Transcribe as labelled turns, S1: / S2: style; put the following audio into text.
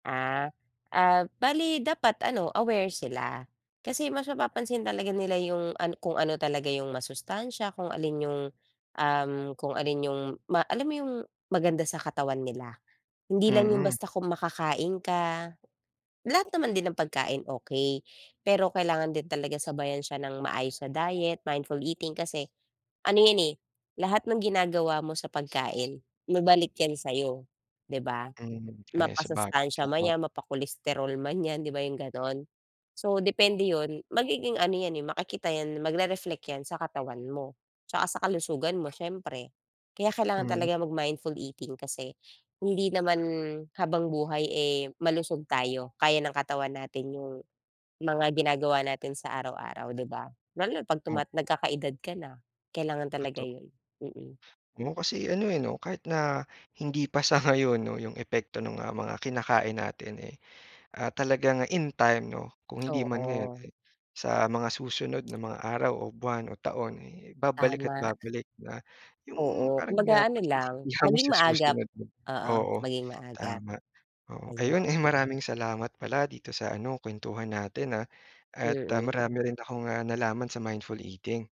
S1: Ah. Ah, bale dapat ano, aware sila. Kasi mas mapapansin talaga nila yung an kung ano talaga yung masustansya, kung alin yung, um, kung alin yung ma alam mo yung maganda sa katawan nila. Hindi lang yung
S2: Mm.
S1: basta kung makakain ka. Lahat naman din ng pagkain okey, pero kailangan din talaga sabayan siya nang maayos na diet, mindful eating kasi ano yan, eh, lahat ng ginagawa mo sa pagkain, babalik yan sa'yo, 'di ba?
S2: Mm, eh, sabagay
S1: Mapasustansya
S2: alam
S1: man
S2: mo
S1: 'yan, mapa-cholesterol man 'yan, 'di ba 'yong gano'n. So depende yun. Magiging ano 'yan, eh, makikita 'yan, magre-reflect 'yan sa katawan mo, tsaka sa kalusugan mo siyempre. Kaya kailangan
S2: Mm.
S1: talaga mag-mindful eating kasi hindi naman habang buhay, eh, malusog tayo, kaya ng katawan natin yung mga ginagawa natin sa araw-araw, di ba? Lalo na 'pag
S2: Oh.
S1: tumat nagkakaedad ka na, kailangan talaga
S2: Toto
S1: yun. Mm.
S2: Oo, kasi ano, eh, 'no, kahit na hindi pa sa ngayon 'no yung epekto ng, ah, mga kinakain natin, eh, ah, talaga nga in time 'no, kung hindi man ngayon,
S1: Oo.
S2: eh, sa mga susunod na mga araw o buwan o taon, eh, babalik at
S1: Tama.
S2: babalik na yung
S1: Oo,
S2: parang, ah,
S1: kumbaga ano lang,
S2: pagsisisihan mo
S1: maging
S2: sa
S1: maagap.
S2: susunod.
S1: Oo,
S2: Oo,
S1: maging maagap.
S2: tama, oo.
S1: Ayun.
S2: Ayun, ay maraming salamat pala dito sa ano, kwentuhan natin, ah, at
S1: Mm.
S2: marami rin akong, ah, nalaman sa mindful eating.